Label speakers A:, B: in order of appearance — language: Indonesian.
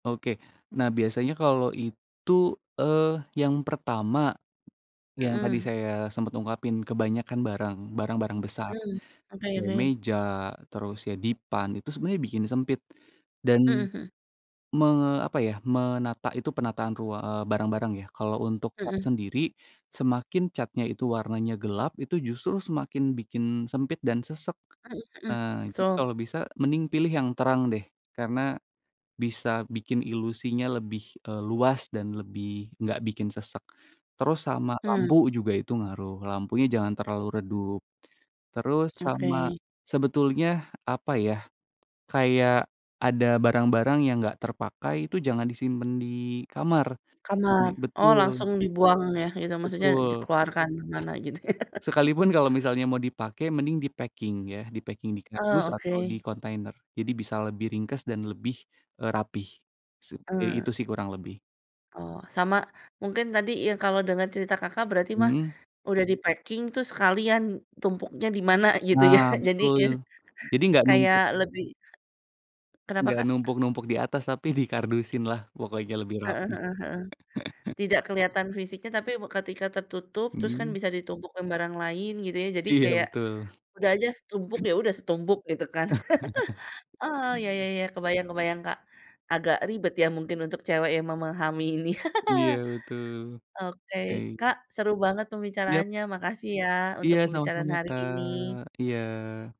A: Oke, nah biasanya kalau itu, eee, yang pertama, yang tadi
B: Mhm.
A: saya sempet ungkapin kebanyakan barang, barang-barang besar,
B: Mmm, oke
A: kayak
B: oke.
A: meja, terus ya dipan, itu sebenarnya bikin sempit dan,
B: Mhm mhm.
A: me apa ya, menata itu penataan rua eee, barang-barang ya, kalau untuk cat
B: Mhm.
A: sendiri, semakin catnya itu warnanya gelap, itu justru semakin bikin sempit dan sesak.
B: Mhm mhm,
A: Nah, jadi
B: so.
A: kalau bisa mending pilih yang terang deh, karena bisa bikin ilusinya lebih, eee, luas dan lebih enggak bikin sesak. Terus, sama
B: Hmm.
A: lampu, juga itu ngaruh lampunya jangan terlalu redup, terus sama
B: Oke.
A: sebetulnya apa ya, kayak ada barang-barang yang enggak terpakai, itu jangan disimpan di kamar, jadi
B: Kamar, oh
A: betul.
B: langsung dibuang ya, gitu maksudnya
A: Betul.
B: dikeluarkan kemana gitu ya.
A: Sekalipun kalau misalnya mau dipakai, mending dipacking ya, dipacking di kardus
B: Oh,
A: atau di
B: oke.
A: kontainer, jadi bisa lebih ringkas dan lebih e rapih, se ya
B: Eee.
A: itu sih kurang lebih.
B: Oh sama, mungkin tadi ya kalau denger cerita Kakak, berarti mah,
A: Mhm.
B: udah dipacking tuh sekalian tumpuknya dimana gitu ya.
A: Nah,
B: Jadi ya,
A: betul, jadi enggak
B: kayak
A: numpuk
B: lebih Kenapa
A: Enggak
B: Kak?
A: numpuk-numpuk di atas tapi di kardusin lah pokoknya lebih
B: Heeh
A: rapih.
B: heeh heeh, tidak keliatan fisiknya tapi ketika tertutup, terus kan
A: Mhm.
B: bisa ditumpuk sama barang lain gitu ya, jadi
A: Iya
B: kayak
A: betul.
B: udah aja setumpuk ya udah setumpuk, gitu kan. Heeh, ya ya ya kebayang kebayang Kak, agak ribet ya mungkin untuk cewek yang memahami ini.
A: Iya betul,
B: Oke,
A: oke.
B: Kak, seru banget
A: Iyap.
B: pembicaraannya, makasih ya untuk
A: Iya,
B: pembicaraan
A: sama-sama
B: hari
A: Kak.
B: ini.
A: Iya.